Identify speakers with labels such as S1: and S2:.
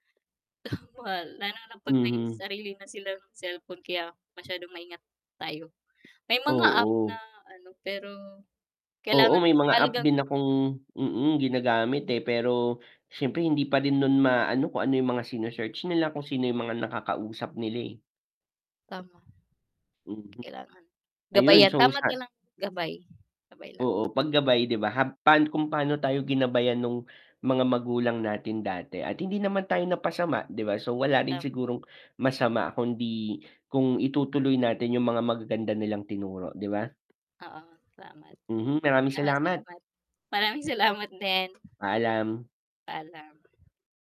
S1: [unintelligible] Lalo na pag may
S2: hmm.
S1: sarili na silang cellphone kaya masyadong maingat tayo. May mga app na
S2: Oo.
S1: ano pero kailangan
S2: Oo, may
S1: mas
S2: mga app
S1: mahalagang
S2: din akong mm, ginagamit eh, pero syempre hindi pa rin nun maano kung ano yung mga sine-search nila, kung sino yung mga nakakausap nila eh.
S1: Tama.
S2: Mm.
S1: Kailangan
S2: Ayun,
S1: gabayan,
S2: so
S1: tama.
S2: sal
S1: [unintelligible] Gabay, gabay lang.
S2: Oo, pag gabay 'di ba hab pan kung paano tayo ginabayan nung mga magulang natin dati at hindi naman tayo napasama 'di ba? So wala rin
S1: Um.
S2: sigurong masama kundi kung itutuloy natin yung mga magaganda nilang tinuro 'di ba?
S1: Oo, salamat.
S2: Mhm, maraming
S1: Oo,
S2: salamat.
S1: salamat. Maraming salamat din.
S2: Paalam.
S1: Paalam.